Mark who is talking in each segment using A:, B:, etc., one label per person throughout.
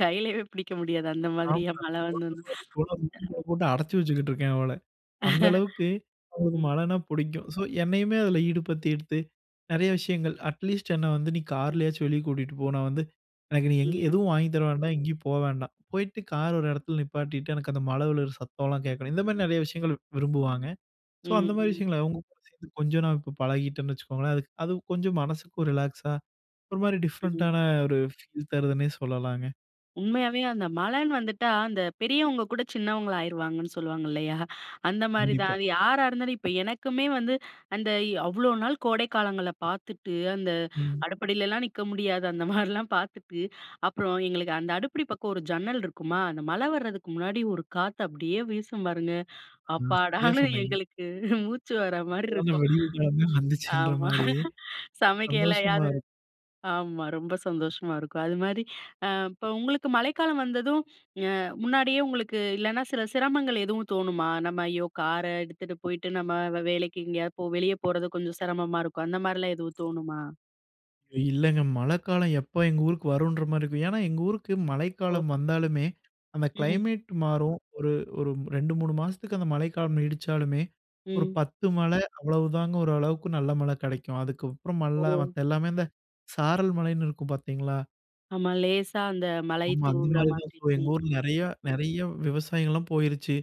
A: கையிலேயே பிடிக்க முடியாது அந்த
B: ஆமா.
A: மாதிரியா மழை
B: கொழந்த
A: வந்ததுன்னா.
B: மாரி கொண்டு வந்து வீட்டுக்குள்ளே போட்டு அடைச்சி வச்சுக்கிட்டு இருக்கேன் அவள. அந்த அளவுக்கு அவளுக்கு
A: ம்.
B: மழைன்னா புடிக்கும். ஸோ, என்னையுமே அதில ஈடுபடுத்திட்து நெறைய விஷயங்கள். அட்லீஸ்ட் "என்ன வந்து நீ கார்லயாச்சும் வெளியே கூட்டிகிட்டு போ. நான் வந்து எனக்கு நீ எங்கேயும்
A: ம்.
B: எதுவும் வாங்கித் தர வேண்டாம், எங்கேயும் போக வேண்டாம். போயிட்டு கார் ஒரு இடத்துல நிப்பாட்டிட்டு, எனக்கு அந்த மழை விழுகிற சத்தம்லாம் கேட்கணும்" இந்த மாதிரி நெறைய விஷயங்கள் விரும்புவாங்க. ஸோ, அந்த
A: ம்,
B: மாதிரி
A: ம்.
B: விஷயங்கள அவங்க கூட சேர்ந்து கொஞ்சம் நாள் இப்போ பழகிட்டேன்னு வச்சுக்கோங்களேன். அது அது கொஞ்சம் மனசுக்கும் ரிலாக்ஸா ஒரு மாதிரி
A: ம்.
B: டிஃப்ரெண்டான ஒரு ஃபீல் தருதுன்னே சொல்லலாங்க.
A: உண்மையாவே அந்த மழைன்னு வந்துட்டா, அந்த பெரியவங்க கூட சின்னவங்களா ஆயிருவாங்கன்னு சொல்லுவாங்க இல்லையா? அந்த மாரி
B: கண்டிப்பா.
A: தான் யாரா இருந்தாலும் இப்போ எனக்குமே வந்து அந்த அவ்ளோ நாள் கோடை காலங்கள பார்த்துட்டு, அந்த
B: ம்.
A: அடுப்படியிலலாம் நிக்க முடியாது அந்த மாரிலாம் பார்த்துட்டு, அப்புறம் எங்களுக்கு அந்த அடுப்படி பக்கம் ஒரு ஜன்னல் இருக்குமா? அந்த மழை வர்றதுக்கு முன்னாடி ஒரு காத்து அப்டியே வீசும் பாருங்க.
B: ஆமா. சரியா
A: அப்பாடான்னு
B: சொன்னீங்க.
A: எங்களுக்கு மூச்சு வர்ற
B: இப்ப
A: மார்ரி
B: தாங்க
A: இருக்கும்.
B: விடிவுக்காலமே வந்துச்சுன்ற
A: ஆமா.
B: மாரி ஒரு சந்தோஷமா
A: சமைக்கலையாவது
B: இருக்கு.
A: ஆமா ரொம்ப சந்தோஷமா இருக்கும். அதுமாரி அ இப்போ உங்களுக்கு மழைக்காலம் வந்ததும் அ முன்னாடியே உங்களுக்கு இல்லைனா சில சிரமங்கள் எதுவும் தோணுமா? நம்ம "ஐயோ காரை எடுத்துகிட்டு போயிட்டு நம்ம வேலைக்கு எங்கேயாவது போ வெளியே போறது கொஞ்சம் சிரமமா இருக்கும்" அந்த மாதிரிலாம் எதுவும் தோணுமா?
B: இல்லைங்க மழைக்காலம் எப்போ எங்கள் ஊருக்கு வருன்ற மாரி இருக்கும். ஏன்னா எங்க ஊருக்கு
A: ஓ!
B: மழைக்காலம் வந்தாலுமே அந்த
A: ம்.
B: கிளைமேட் மாறும். ஒரு ஒரு 2 3 மாசத்துக்கு அந்த மழைக்காலம் நீடிச்சாலுமே ஒரு
A: ம்.
B: 10 மழை அவ்வளவு தாங்க ஓரளவுக்கு நல்ல மழை கெடைக்கும். அதுக்கப்புறம் மல்ல
A: ஓ!
B: மத்த எல்லாமே இந்த சாரல் மழைன்னு இருக்கும்னு பார்த்தீங்களா?
A: ஆமா, லேசா அந்த மழை
B: ஆமா. அந்த
A: தூவுற
B: மாதிரி தான்
A: மாரி.
B: ஸோ எங்க
A: ம்,
B: ஊர்ல
A: ம்.
B: நெறைய நெறைய விவசாயிங்கள்லாம் போயிருச்சு.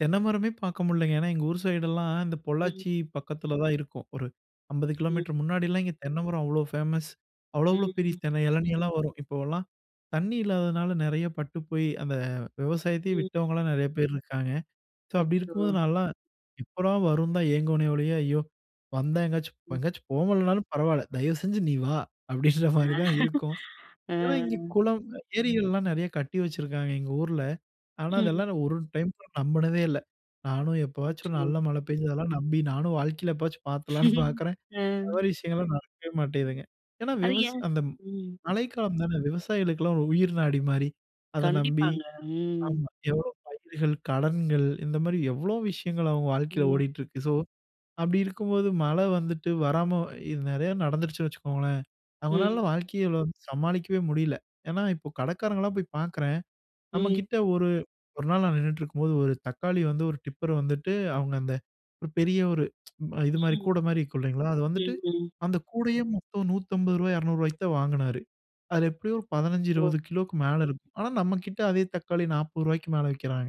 B: தென்னை மரமே பார்க்க முடியலங்க. ஏன்னா, எங்க ஊர் சைடெல்லாம் இந்த
A: ம்.
B: பொள்ளாச்சி பக்கத்தில தான் இருக்கும். ஒரு 50 கிலோமீட்டர்
A: ம்.
B: முன்னாடிலாம் இங்கே தென்னைமரம் அவ்வளோ ஃபேமஸ். அவ்வளோ
A: ம்
B: அவ்வளோ பெரிய
A: ம்.
B: தென்னை எளநீ எல்லாம் வரும். இப்போலாம் தண்ணி இல்லாததுனால நிறைய பட்டு போய் அந்த விவசாயத்தையே
A: ம்.
B: விட்டவங்களலாம் நெறைய பேர் இருக்காங்க. ஸோ அப்படி
A: அச்சோ!
B: இருக்கும்போது, நான்லாம் எப்படா வரும் தான் ஏங்குவனே ஓழியே, "ஐயோ! வந்தா எங்காச்சும்
A: ம்.
B: எங்கயாச்சும் போகலனாலும் பரவாயில்ல தயவுசெஞ்சு நீ வா" அப்படின்ற மாதிரி தான் இருக்கும். ஏன்னா இங்கே குளம் ஏரிகள்லாம் நெறைய கட்டி வச்சுருக்காங்க எங்கள் ஊர்ல. ஆனா,
A: ம்.
B: அதெல்லாம் நான் ஒரு டைம் நம்புனதே இல்ல. நானும் எப்போவாச்சும் ஒரு
A: அச்சோ!
B: நல்ல மழை பெஞ்சதெல்லாம் நம்பி நானும் வாழ்க்கையில எப்போவாச்சும் பார்த்துலாம்னு பார்க்குறேன், அந்த
A: அ.
B: மாதிரி விஷயங்கள்லாம் நடக்கவே மாட்டேங்குதுங்க. ஏன்னா
A: அது
B: விவசா
A: ஏன்?
B: அந்த
A: ம்.
B: மழைக்காலம் தானே விவசாயிகளுக்கெல்லாம் ஒரு உயிர் நாடி மாரி. அதை நம்பி
A: கண்டிப்பாங்க. ம்.
B: ஆமா, எவ்வளோ பயிர்கள் கடன்கள் இந்த மாரி எவ்வளோ விஷயங்கள் அவங்க வாழ்க்கையில்
A: ம்.
B: ஓடிட்டு இருக்கு. ஸோ, அப்டி இருக்கும்போது மழை வந்துட்டு வராம இது நெறைய நடந்துருச்சுன்னு வச்சுக்கோங்களேன்.
A: ம்.
B: அவங்களால வாழ்க்கையில வந்து சமாளிக்கவே முடியல. ஏன்னா இப்போ கடைக்காரங்கலாம் போய் பார்க்குறேன்.
A: ம்.
B: நம்மகிட்ட ஒரு ஒரு நாள் நான் நின்னுக்கிட்டிருக்கும்போது, ஒரு தக்காளி வந்து ஒரு டிப்பர் வந்துட்டு அவங்க அந்த ஒரு பெரிய ஒரு இது மாதிரி
A: ம்.
B: கூடை மாதிரி இருக்கும் இல்லைங்களா? அது வந்துட்டு,
A: ம், ம்.
B: அந்த கூடையே மொத்தம் ரூ. 150 ரூ. 200க்கு ரூபாய்க்கு தான் வாங்கினாரு. அது எப்படியும் ஒரு பதினைந்து,
A: ஓ!
B: இருபது கிலோக்கு மேலே இருக்கும். ஆனால் நம்ம கிட்ட அதே தக்காளி ரூ. 40க்கு மேலே விக்கிறாங்க.